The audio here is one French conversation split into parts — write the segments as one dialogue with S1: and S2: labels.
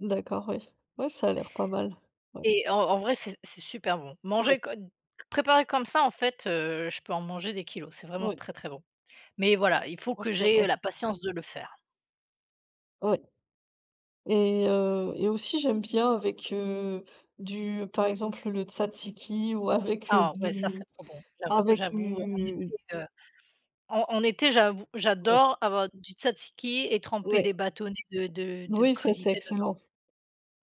S1: D'accord oui. Ouais ça a l'air pas mal. Ouais.
S2: Et en en vrai, c'est c'est super bon.
S1: Ouais.
S2: Mangé co préparé comme ça en fait, heu, je peux en manger des kilogrammes, c'est vraiment
S1: Oui.
S2: très très bon. Mais voilà, il faut
S1: Ouais,
S2: que
S1: c'est vrai.
S2: j'aie la patience de le faire.
S1: Ouais et heu et aussi j'aime bien avec, heu, du, par exemple le tzatziki ou avec
S2: Ah ouais ça c'est
S1: du
S2: trop bon, j'av
S1: avec
S2: j'avoue en
S1: du
S2: été heu, en en été j'avoue,
S1: Ouais.
S2: j'adore avoir du tzatziki et tremper
S1: Ouais.
S2: des bâtonnets de de de
S1: Oui, ça c'est
S2: crudité dedans.
S1: excellent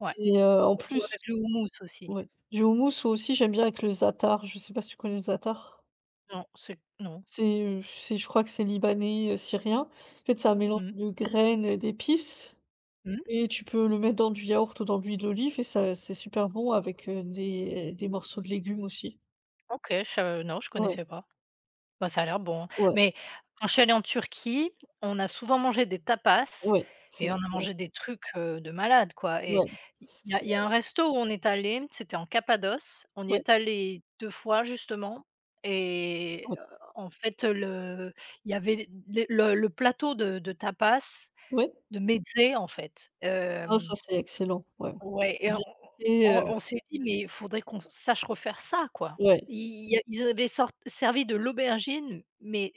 S2: Ouais,
S1: et heu, en
S2: ou
S1: plus
S2: avec le houmous aussi.
S1: oui, du houmous aussi j'aime bien avec le Zaatar. Je sais pas si tu connais le Zaatar?
S2: Non, c'est q non.
S1: C'est, heu, c'est je crois que c'est libanais heu, syrien en fait c'est un mélange
S2: Mmh.
S1: de graines et d'épices.
S2: Mmh.
S1: Et tu peux le mettre dans du yaourt ou dans l'huile d'olive et ça c'est super bon avec heu, des des morceaux de légumes aussi.
S2: OK, je sa non, je
S1: Ouais.
S2: connaissais pas. Ben, ça a l'air bon.
S1: Ouais.
S2: Mais quand je suis allée en Turquie, on a souvent mangé des tapas
S1: Ouais, c'est
S2: et on a
S1: c'est
S2: mangé des trucs, heu, de malade quoi et
S1: Ouais
S2: il
S1: c
S2: y a
S1: c'est
S2: il y a un resto où on est allés, c'était en Cappadoce, on y
S1: Ouais.
S2: est allés 2 fois justement
S1: Ah
S2: et
S1: ouais.
S2: en fait le il y avait les les le plateau de de tapas
S1: Ouais.
S2: de mezzés en fait
S1: Ah ça
S2: hem
S1: c'est excellent ouais
S2: Ouais
S1: et
S2: et on
S1: bien fais
S2: on
S1: heu,
S2: on on s'est dit: «mais il
S1: plus
S2: faudrait qu'on sache refaire ça quoi?»
S1: Ouais.
S2: i ils avaient sor servi de l'aubergine, mais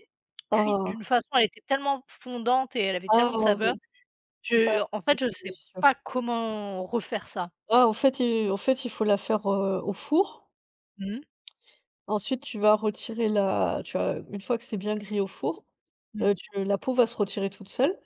S2: cuite
S1: Ah!
S2: d'une façon, elle était tellement fondante et elle avait tellement de
S1: Ah oui!
S2: saveur.
S1: Ça,
S2: Je en
S1: c'est
S2: fait, je
S1: c'est
S2: sais
S1: délicieux.
S2: pas comment refaire ça.
S1: Ah en fait il en fait, il faut la faire heu, au four.
S2: Mmh.
S1: Ensuite, tu vas retirer la tu as une fois que c'est bien grillé au four,
S2: Mmh.
S1: heu, tu la peau va se retirer toute seule.